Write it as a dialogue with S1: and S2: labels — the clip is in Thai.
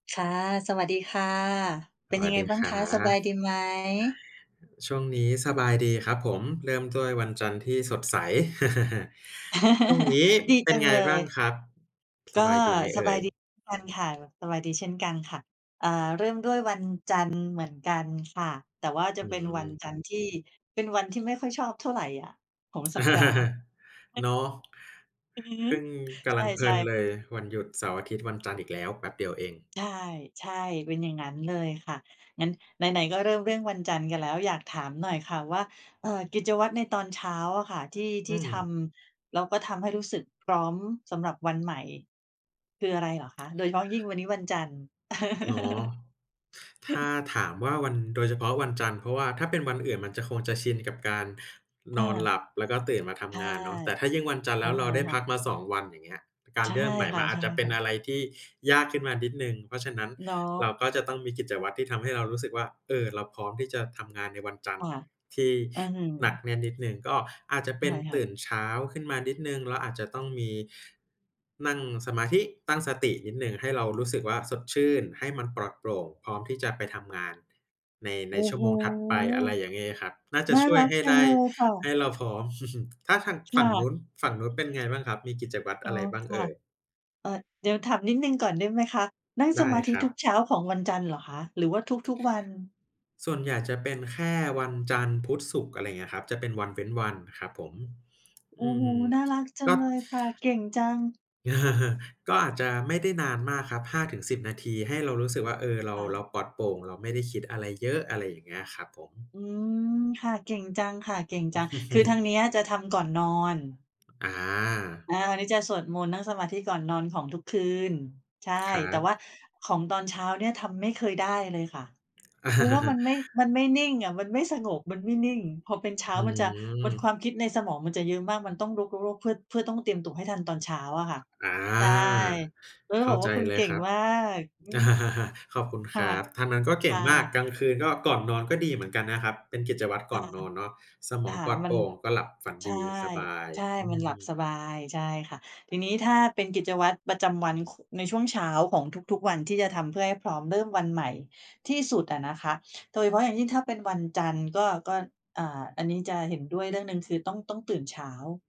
S1: ค่ะ สวัสดีค่ะ เ
S2: ส
S1: ป็น
S2: ว
S1: ยั
S2: ัส
S1: งไง
S2: ดี
S1: บ้า
S2: ค
S1: ง
S2: รั
S1: คะ สบ
S2: บ
S1: ายดีไหม?
S2: ช่วงนี้สบายดีครับผม เริ่มด้วยวันจันทร์ที่สดใส ช่วงนี้
S1: ดี
S2: เป็
S1: จ
S2: น
S1: ัง
S2: ไง
S1: เล
S2: บ้าง
S1: ย
S2: ครับ ส
S1: ก็
S2: บายดีไหมเ
S1: ส
S2: อ
S1: บ
S2: ่
S1: ายดี
S2: ย?
S1: เช่นกันค่ะ สบายดีเช่นกันค่ะ อ่า เริ่มด้วยวันจันทร์เหมือนกันค่ะ แต่ว่าจะ
S2: อื
S1: เป็นวัน
S2: ม
S1: จันทร์ที่เป็นวันที่ไม่ค่อยชอบเท่าไรอะของสัปดาห์ อือ
S2: เนาะ
S1: อือฮึ
S2: เพิ่ง ก
S1: ใ
S2: ำลังเพล
S1: ช
S2: ิ
S1: ่
S2: น
S1: ๆ
S2: เลยวันหยุดเสาร์อาทิตย์ วันจันทร์อีกแล้ว แป๊บเดียวเอง
S1: ใช่ ใช่ เป็นอย่างนั้นเลยค่ะ งั้นไหน ๆ ก็เริ่มเรื่องวันจันทร์กันแล้ว อยากถามหน่อยค่ะว่า เอ่อ กิจวัตรในตอนเช้าอะค่ะ ที่ ท
S2: อื
S1: ี่ท
S2: ม
S1: ำ แล้วก็ทำให้รู้สึกพร้อมสำหรับวันใหม่ คืออะไรเหรอคะ? โดยเฉพาะยิ่งวันนี้วันจันทร์
S2: เนาะ ถ้าถามว่าวัน โดยเฉพาะวันจันทร์ เพราะว่าถ้าเป็นวันอื่นมันจะ คงจะชินกับการนอนหล
S1: เออ
S2: ับ แล้วก็ ตื่นมาท
S1: ใช่
S2: ำงานเนาะ แต่ถ้ายิ่งวันจันทร์
S1: ใช
S2: แล้
S1: ่
S2: วเราได้
S1: ค่
S2: พั
S1: ะ
S2: กมา 2 วัน อย่างเงี้ย กา
S1: ใ
S2: ร
S1: ช่
S2: เริ่มใหม่
S1: ค
S2: ม
S1: ่
S2: ันอาจจะเป็น
S1: ะ
S2: อ
S1: ๆ
S2: ะไรที่ยากขึ้นมานิดหนึ่ง เพราะฉะนั้น
S1: เนา
S2: เรา
S1: ะ
S2: ก็จะต้องมีกิจวัตรที่ทำให้เรารู้สึกว่า เออ เราพร้อมที่จะทำงานในวันจันท
S1: ค
S2: ร
S1: ่
S2: ์
S1: ะ
S2: ที่
S1: อื้อฮือ
S2: หนักแน่นนิดหนึ่ง ก็อาจจะเป
S1: ใช
S2: ็
S1: ่
S2: น
S1: ค่
S2: ต
S1: ะ
S2: ื่นเช้าขึ้นมานิดหนึ่ง เราอาจจะต้องมี นั่งสมาธิ ตั้งสตินิดหนึ่ง ให้เรารู้สึกว่าสดชื่น ให้มันปลอดโปร่ง พร้อมที่จะไปทำงาน ใน ใ
S1: โ
S2: น
S1: อ้
S2: ชั่
S1: โ
S2: ว
S1: ฮ!
S2: โมงถัดไป อะไรอย่างงี้ครับ น่าจ
S1: น
S2: ะ
S1: ่า
S2: ช่ว
S1: ร
S2: ย
S1: ัก
S2: ให้
S1: จั
S2: ได
S1: ง
S2: ้
S1: เลยค่ะ
S2: ให้เราพร้อม ถ้าทาง
S1: ค
S2: ฝั
S1: ่
S2: ่งน
S1: ะ
S2: ู้น ฝั่งนู้นเป็นไง บ้างครับ มีกิจวัตร
S1: อ๋
S2: อ
S1: อ
S2: ะไรบ้าง
S1: ค
S2: เอ
S1: ่ะ
S2: ่ย?
S1: เอ่อ เดี๋ยวถามนิดหนึ่งก่อนได้ไหมคะ นั่ง
S2: ไ
S1: ส
S2: ด้
S1: มาธิ
S2: ครั
S1: ทุ
S2: บ
S1: กเช้าของวันจันทร์เหรอคะ หรือว่าทุก ๆ วัน?
S2: ส่วนใหญ่จะเป็นแค่วันจันทร์ พุธ ศุกร์ อะไรอย่างเงี้ยครับ จะเป็นวันเว้นวันอะครับผม
S1: โอ
S2: อื
S1: ้โฮ!
S2: ม
S1: น่ารัก จั
S2: ก
S1: ง
S2: ็
S1: เลยค่ะ เก่งจัง
S2: ก็อาจจะไม่ได้นานมากครับ 5-10 นาที ให้เรารู้สึกว่า เออ เรา
S1: ค่
S2: เร
S1: ะ
S2: าปลอดโปร่ง เราไม่ได้คิดอะไรเยอะ อะไรอย่างเงี้ยครับผม
S1: อืม ค่ะ เก่งจังค่ะ เก่งจัง คือทางเนี้ยจะทำก่อนนอน
S2: อา
S1: อา นี่จะสวดมนต์นั่งสมาธิก่อนนอนของทุกคืน ใช่
S2: ครั
S1: แต่ว
S2: บ
S1: ่าของตอนเช้าเนี่ยทำไม่เคยได้เลยค่ะ เพราะว่ามันไม่ มันไม่นิ่งอะ มันไม่สงบ มันไม่นิ่ง พอเป็นเช้า
S2: อื
S1: มันจะ มวลควา
S2: ม
S1: มคิดในสมองมันจะเยอะมาก มันต้องรก รก รก เพื่อ เพื่อต้องเตรียมตัวให้ทันตอนเช้าอะค่ะ
S2: อา
S1: ใช่ ก็เล
S2: เ
S1: ย
S2: ข้
S1: บ
S2: า
S1: อกว
S2: ใ
S1: ่
S2: จ
S1: าคุณ
S2: เล
S1: เก
S2: ย
S1: ่ง
S2: ครับ
S1: มาก อืม
S2: ขอบคุณ
S1: ค
S2: ค
S1: ่
S2: ร
S1: ะ
S2: ับ ทางนั้นก็เก
S1: ค
S2: ่ง
S1: ่
S2: มาก
S1: ะ
S2: กลางคืนก็ ก่อนนอนก็ดีเหมือนกันนะครับ เป็นกิจวัตร
S1: ค
S2: ก
S1: ่
S2: ่อ
S1: ะ
S2: นนอนเนาะ สมอ
S1: ค
S2: ง
S1: ่
S2: ป
S1: ะ
S2: ลอด
S1: ม
S2: โ
S1: ั
S2: ป
S1: น
S2: ร่งก็หลับฝัน
S1: ใช
S2: ด
S1: ่
S2: ี สบาย
S1: ใช่
S2: อื
S1: มันหลับส
S2: ม
S1: บาย ใช่ค่ะ ทีนี้ถ้าเป็นกิจวัตรประจำวัน ข ในช่วงเช้าของทุก ๆ วันที่จะทำเพื่อให้พร้อมเริ่มวันใหม่ที่สุดอะนะคะ โดยเฉพาะอย่างยิ่งถ้าเป็นวันจันทร์ก็ ก็ อ่า อันนี้จะเห็นด้วยเรื่องหนึ่ง คือต้อง ต้องตื่นเช้า